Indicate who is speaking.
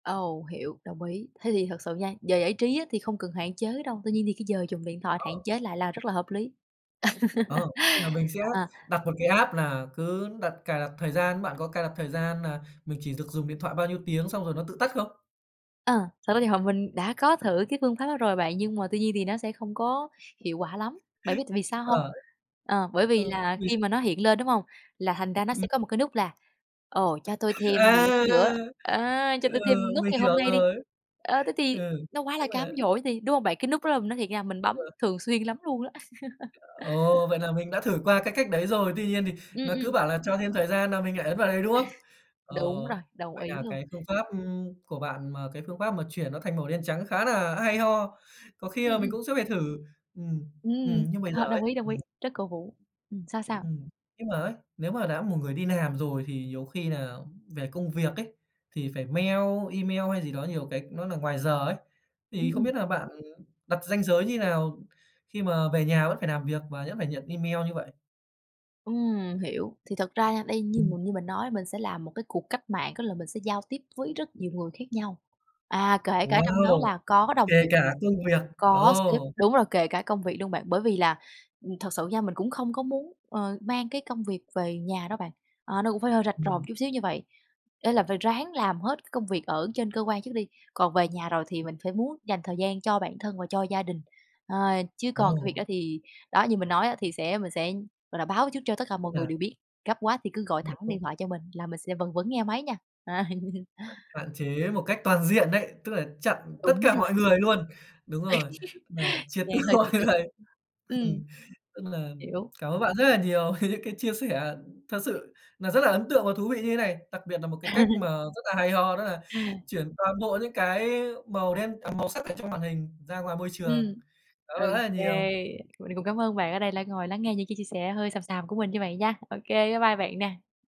Speaker 1: Ồ, hiểu, đồng ý. Thế thì thật sự nha, về giải trí á, thì không cần hạn chế đâu. Tuy nhiên thì cái giờ dùng điện thoại hạn
Speaker 2: Ờ.
Speaker 1: chế lại là rất là hợp lý.
Speaker 2: Ờ, tức là mình sẽ
Speaker 1: À.
Speaker 2: đặt một cái app nà cứ đặt cài đặt thời gian. Bạn có cài đặt thời gian nà mình chỉ được dùng điện thoại bao nhiêu tiếng xong rồi nó tự tắt không?
Speaker 1: À, thật ra thì, ờ, mình đã có thử cái phương pháp đó rồi bạn, nhưng mà tuy nhiên thì nó sẽ không có hiệu quả lắm, bạn biết tại vì sao hông?
Speaker 2: Ờ,
Speaker 1: Ờ, bởi vì
Speaker 2: ơ,
Speaker 1: là
Speaker 2: vì s
Speaker 1: khi mà nó hiện lên, đúng hông? Là thành ra nó sẽ
Speaker 2: Ừm.
Speaker 1: có một cái nút là "Ồ, cho tôi thêm mười
Speaker 2: À!
Speaker 1: lăm phút nữa, á, cho
Speaker 2: Ừ,
Speaker 1: tôi thêm nút
Speaker 2: mình
Speaker 1: ngày
Speaker 2: hiểu
Speaker 1: hôm nay đi."
Speaker 2: rồi.
Speaker 1: À, thế thì
Speaker 2: Ừ,
Speaker 1: nó quá
Speaker 2: tức
Speaker 1: là cám
Speaker 2: nà
Speaker 1: dỗ thì, đúng hông bạn? Cái nút đó là, mình nói thiệt nha, mình
Speaker 2: Đúng
Speaker 1: bấm
Speaker 2: rồi.
Speaker 1: thường xuyên lắm luôn á.
Speaker 2: Ồ, vậy là mình đã thử qua cái cách đấy rồi. Tuy nhiên thì
Speaker 1: Ừm,
Speaker 2: nó cứ
Speaker 1: ừm.
Speaker 2: bảo là cho thêm thời gian nà mình lại ấn vào đấy, đúng không? Ờ,
Speaker 1: Đúng rồi, đồng
Speaker 2: vậy
Speaker 1: ý
Speaker 2: nà
Speaker 1: luôn.
Speaker 2: cái phương pháp, ừm, của bạn mà cái phương pháp mà chuyển nó thành màu đen trắng khá nà hay ho, có khi
Speaker 1: Ừm
Speaker 2: là mình
Speaker 1: ừm.
Speaker 2: cũng sẽ phải thử. Ừm, ừm.
Speaker 1: Ừm,
Speaker 2: Nhưng mà giờ
Speaker 1: ờ,
Speaker 2: ấy
Speaker 1: đồng ý, đồng ý,
Speaker 2: ừm.
Speaker 1: rất cổ vũ. Ừm, sao sao?
Speaker 2: Ừm. Nhưng mà ấy, nếu mà đã một người đi làm rồi thì nhiều khi nà về công việc ấy, thì phải mail email hay gì đó nhiều cái nó nà ngoài giờ ấy.
Speaker 1: Ừm,
Speaker 2: Thì không
Speaker 1: ừm.
Speaker 2: biết nà bạn đặt ranh giới như nào khi mà về nhà vẫn phải làm việc và vẫn phải nhận email như vậy?
Speaker 1: Ừm, hiểu. Thì thật ra nha đây, như
Speaker 2: Ừm.
Speaker 1: như mình nói, mình sẽ làm một cái cuộc cách mạng, có là mình sẽ giao tiếp với rất nhiều người khác nhau. À, kể cả trong đó
Speaker 2: Wow,
Speaker 1: là có đồng
Speaker 2: kể
Speaker 1: nghiệp mình,
Speaker 2: cả công việc.
Speaker 1: có sếp
Speaker 2: Ồ.
Speaker 1: đúng rồi, kể cả công việc luôn bạn. Bởi vì là, ừm, thật sự nha, mình cũng không có muốn, ờ, mang cái công việc về nhà đâu bạn. Ờ, nó cũng phải hơi rạch ròi một
Speaker 2: Ừm.
Speaker 1: chút xíu như vậy. Ê, là phải ráng làm hết cái công việc ở trên cơ quan trước đi, còn về nhà rồi thì mình phải muốn dành thời gian cho bản thân và cho gia đình. Ờ, chứ còn cái việc
Speaker 2: Ồ.
Speaker 1: đó thì đó, như mình nói á, thì sẽ mình sẽ, gọi là, báo trước cho tất cả
Speaker 2: Tức
Speaker 1: mọi người
Speaker 2: nà
Speaker 1: đều biết, gấp quá thì cứ gọi thẳng điện
Speaker 2: [unintelligible]
Speaker 1: thoại cho mình, là mình sẽ vẫn vẫn nghe máy nha.
Speaker 2: Hạn chế một cách toàn diện đấy, tức là chặn tất
Speaker 1: Đúng
Speaker 2: cả
Speaker 1: rồi.
Speaker 2: mọi người luôn. Đúng rồi, nà triệt từ
Speaker 1: Yeah, hơi tiêu cực.
Speaker 2: [unintelligible]
Speaker 1: Ừm.
Speaker 2: ừm, tức là
Speaker 1: Hiểu.
Speaker 2: cảm ơn bạn rất là nhiều về những cái chia sẻ thật sự nà rất là ấn tượng và thú vị như thế này. Đặc biệt nà một cái cách mà rất là hay ho, đó là chuyển toàn bộ những cái màu đen màu sắc ở trong màn hình ra ngoài môi trường.
Speaker 1: Ừm.
Speaker 2: Cảm ơn bạn rất là
Speaker 1: OK,
Speaker 2: nhiều.
Speaker 1: mình cũng cám ơn bạn ở đây đã ngồi lắng nghe những cái chia sẻ hơi xàm xàm của mình như vậy nha. OK, bye bye bạn nè.